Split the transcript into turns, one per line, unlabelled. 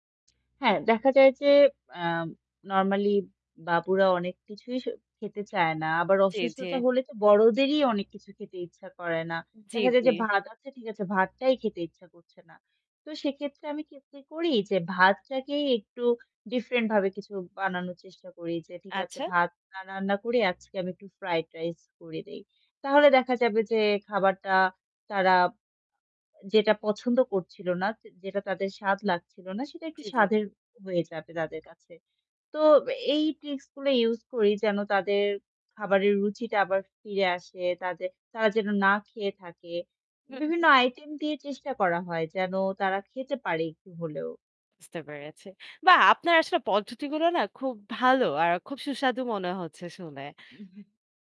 হ্যাঁ দেখা যায় যে, অ্যাম নরমালি বাবুরা অনেক কিছুই স খেতে চায় না। আবার
জ্বী, জ্বী।
অসুস্থতা হলে তো বড়দেরই অনেক কিছু খেতে ইচ্ছা করে না।
জ্বী,
দেখা যায়
জ্বী।
যে ভাত, আচ্ছা ঠিক আছে, ভাতটাই খেতে ইচ্ছা করছে না। তো সেক্ষেত্রে আমি কি কি করি চেষ্টা করি যে ভাতটাকেই একটু ডিফরেন্ট ভাবে কিছু বানানোর চেষ্টা করি। যে ঠিক আছে
আচ্ছা?
ভাত না রান্না করে আজকে আমি একটু ফ্রাইড রাইস করে দেই। তাহলে দেখা যাবে যে, খাবারটা তারা আ এ যেটা পছন্দ করছিল না, যে যে যেটা তাদের স্বাদ লাগছিল না, সেটা একটু
জ্বী, জ্বী।
স্বাদের হয়ে যাবে তাদের কাছে। তো এই ট্রিক্স গুলো ইউজ করি, যেন তাদের খাবারের রুচিটা আবার ফিরে আসে, তাদের তারা যেন না খেয়ে থাকে।
হু,
বিভিন্ন
হু।
আইটেম দিয়ে চেষ্টা করা হয়। যেন তারা খেতে পারে একটু হলেও।
বুঝতে পেরেছি। বাহ! আপনার আসলে পদ্ধতিগুলো না খুব ভালো। আর খুব সুস্বাদু মনে হচ্ছে শুনে।
উম-হু।